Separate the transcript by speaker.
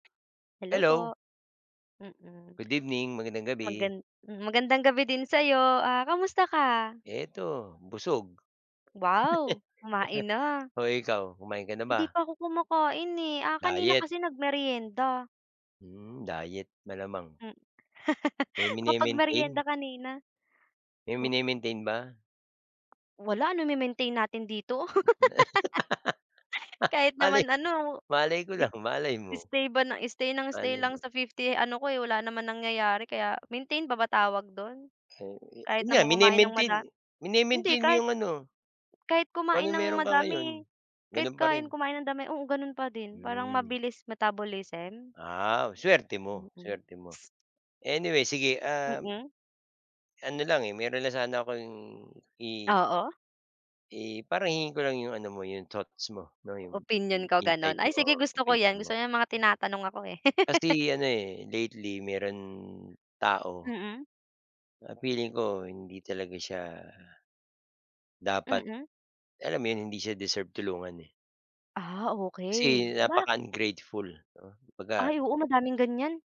Speaker 1: Hello
Speaker 2: Hello!
Speaker 1: po! Mm.
Speaker 2: Good evening, magandang gabi!
Speaker 1: Magan magandang gabi din sa'yo! Ah, kamusta ka?
Speaker 2: Ito, busog.
Speaker 1: Wow! Kumain na.
Speaker 2: O, ikaw, kumain ka na
Speaker 1: Hindi
Speaker 2: ba?
Speaker 1: pa ako kumakain, eh. Ah, kanina
Speaker 2: Diet?
Speaker 1: kasi nag-meryenda.
Speaker 2: Mm, Diet, malamang!
Speaker 1: Mm.
Speaker 2: May
Speaker 1: Nakapag-meryenda
Speaker 2: mine-maintain?
Speaker 1: kanina.
Speaker 2: May
Speaker 1: Oh.
Speaker 2: mine-maintain ba?
Speaker 1: Wala, ano ime-maintain natin dito? Kahit
Speaker 2: Malay
Speaker 1: naman ano,
Speaker 2: malay ko lang? Malay
Speaker 1: i
Speaker 2: mo.
Speaker 1: stay ba ng stay ng stay
Speaker 2: Malay
Speaker 1: lang
Speaker 2: mo.
Speaker 1: sa 50 ano ko, eh, wala naman nangyayari, kaya maintain pa ba tawag do'n?
Speaker 2: Oo,
Speaker 1: Kahit
Speaker 2: yan nga
Speaker 1: naman kumain ng
Speaker 2: mine-maintain,
Speaker 1: mada hindi!
Speaker 2: mine-maintain mo
Speaker 1: Kahit
Speaker 2: yung ano
Speaker 1: kahit
Speaker 2: kung
Speaker 1: kumain
Speaker 2: ano
Speaker 1: ng
Speaker 2: mayro'n ka ngayon.
Speaker 1: madami Kahit
Speaker 2: Gano'n pa
Speaker 1: kumain
Speaker 2: rin?
Speaker 1: kumain ng dami, oo gano'n pa din. Parang
Speaker 2: Hmm.
Speaker 1: mabilis metabolism?
Speaker 2: Ah, suwerte mo,
Speaker 1: Mm.
Speaker 2: suwerte mo. Anyway sige, um
Speaker 1: Mm.
Speaker 2: Ano lang, eh, mayro'n na sana akong i
Speaker 1: Oo.
Speaker 2: I parang hihingin ko lang yung ano mo, yung thoughts mo 'no, yung
Speaker 1: Opinyon ko gano'n?
Speaker 2: insights
Speaker 1: Ay
Speaker 2: o
Speaker 1: sige, gusto ko
Speaker 2: opinyon
Speaker 1: yan.
Speaker 2: mo?
Speaker 1: Gusto ko yan mga tinatanong ako, eh.
Speaker 2: Kasi ano, eh, lately mayro'n tao
Speaker 1: Mm.
Speaker 2: ah feeling ko, hindi talaga siya dapat,
Speaker 1: Mm.
Speaker 2: alam mo 'yon? Hindi siya deserve tulungan, eh.
Speaker 1: Ah, okey!
Speaker 2: Kasi
Speaker 1: Bakit?
Speaker 2: napaka-ungrateful, 'no? Kumbaga
Speaker 1: Ay oo, madaming ganyan.